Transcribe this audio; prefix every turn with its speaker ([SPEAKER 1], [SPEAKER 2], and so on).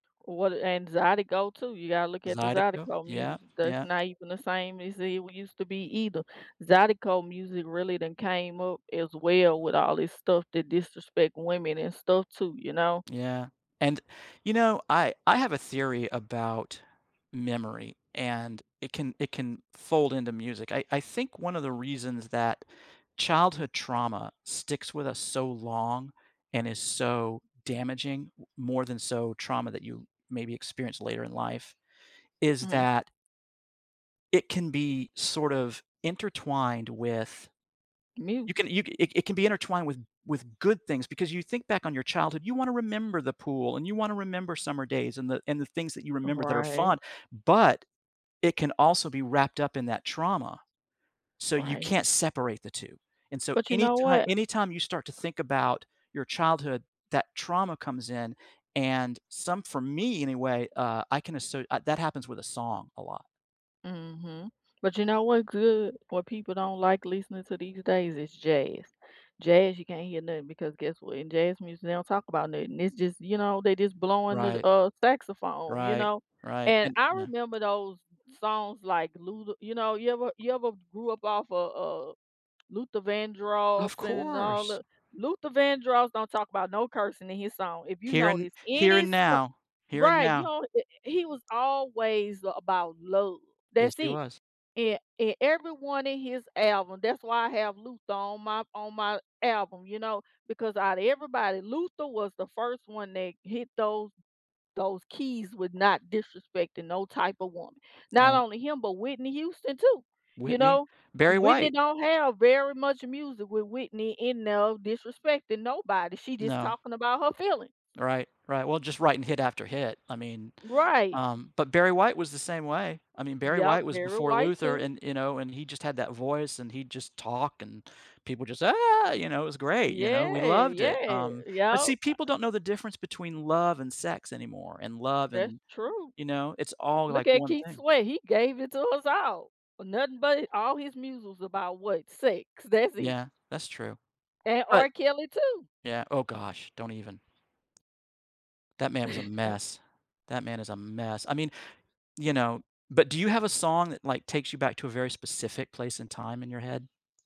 [SPEAKER 1] What and Zydeco, too, you gotta look at the
[SPEAKER 2] Zydeco,
[SPEAKER 1] Zydeco
[SPEAKER 2] yeah,
[SPEAKER 1] music. That's
[SPEAKER 2] yeah.
[SPEAKER 1] not even the same as it w used to be either. Zydeco music really then came up as well with all this stuff that disrespect women and stuff too, you know?
[SPEAKER 2] Yeah, and, you know, I I have a theory about memory, and it can it can fold into music. I I think one of the reasons that childhood trauma sticks with us so long, and is so damaging, w more than so trauma that you maybe experience later in life, is
[SPEAKER 1] Mhm.
[SPEAKER 2] that it can be sort of intertwined with you can
[SPEAKER 1] Music.
[SPEAKER 2] you ca it it be intertwined with with good things, because you think back on your childhood, you wanna remember the pool, and you wanna remember summer days, and the and the things that you remember that are
[SPEAKER 1] Right.
[SPEAKER 2] fun, but it can also be wrapped up in that trauma. So you
[SPEAKER 1] Right.
[SPEAKER 2] can't separate the 2, and so
[SPEAKER 1] But, you know
[SPEAKER 2] anyti
[SPEAKER 1] what?
[SPEAKER 2] anytime you start to think about your childhood, that trauma comes in, and some for me anyway, uh, I can asser uh, that happens with a song a lot.
[SPEAKER 1] Mhm, but you know what's good what people don't like listening to these days is jazz. Jazz, you can't hear nothing because guess what? In jazz music, they don't talk about nothing. It's just, you know, they just blowing the,
[SPEAKER 2] Right.
[SPEAKER 1] uh, saxophone, you
[SPEAKER 2] Right,
[SPEAKER 1] know,
[SPEAKER 2] right,
[SPEAKER 1] and
[SPEAKER 2] and
[SPEAKER 1] I
[SPEAKER 2] Yeah.
[SPEAKER 1] remember those songs like, Luther you know, you ever you ever grew up off of, uh, Luther Vandross
[SPEAKER 2] Of
[SPEAKER 1] and all
[SPEAKER 2] course.
[SPEAKER 1] the Luther Vandross don't talk 'bout no cursing in his song, if you
[SPEAKER 2] Here and
[SPEAKER 1] notice
[SPEAKER 2] Here
[SPEAKER 1] any
[SPEAKER 2] and
[SPEAKER 1] so
[SPEAKER 2] Now, Here and
[SPEAKER 1] right, you
[SPEAKER 2] Now.
[SPEAKER 1] know, eh, he was always about love.
[SPEAKER 2] Yes,
[SPEAKER 1] That's
[SPEAKER 2] he
[SPEAKER 1] it,
[SPEAKER 2] was.
[SPEAKER 1] a and everyone in his album that's why I have Luther on my on my album, you know, because out of everybody, Luther was the first one that hit those those keys with not disrespecting no type of woman. Not
[SPEAKER 2] Alright.
[SPEAKER 1] only him, but Whitney Houston too, you
[SPEAKER 2] Whitney,
[SPEAKER 1] know?
[SPEAKER 2] Barry
[SPEAKER 1] Whitney
[SPEAKER 2] White.
[SPEAKER 1] don't have very much music with Whitney in no disrespecting nobody; she just
[SPEAKER 2] No.
[SPEAKER 1] talking about her feelings.
[SPEAKER 2] Right, right. Well, just writing hit after hit. I mean,
[SPEAKER 1] Right.
[SPEAKER 2] um, but Barry White was the same way. I mean, Barry
[SPEAKER 1] Yep,
[SPEAKER 2] White was
[SPEAKER 1] Barry
[SPEAKER 2] before
[SPEAKER 1] White
[SPEAKER 2] Luther
[SPEAKER 1] too.
[SPEAKER 2] and, you know, and he just had that voice, and he'd just talk, and people just, "Ah!" You know, it was great, you know, we
[SPEAKER 1] Yeah,
[SPEAKER 2] loved it,
[SPEAKER 1] yeah,
[SPEAKER 2] um, but see,
[SPEAKER 1] yep. I
[SPEAKER 2] people don't know the difference between love and sex anymore, and love,
[SPEAKER 1] That's
[SPEAKER 2] and,
[SPEAKER 1] true.
[SPEAKER 2] you know, it's all like
[SPEAKER 1] Look at
[SPEAKER 2] one
[SPEAKER 1] Keith's
[SPEAKER 2] thing.
[SPEAKER 1] way, he gave it to us all for nothing but hi all his muses about what, sex. That's it.
[SPEAKER 2] Yeah, that's true
[SPEAKER 1] And
[SPEAKER 2] but
[SPEAKER 1] R. Kelly too.
[SPEAKER 2] yeah, oh gosh, don't even. That man was a mess, that man is a mess. I mean, you know, but do you have a song that, like, takes you back to a very specific place and time in your head?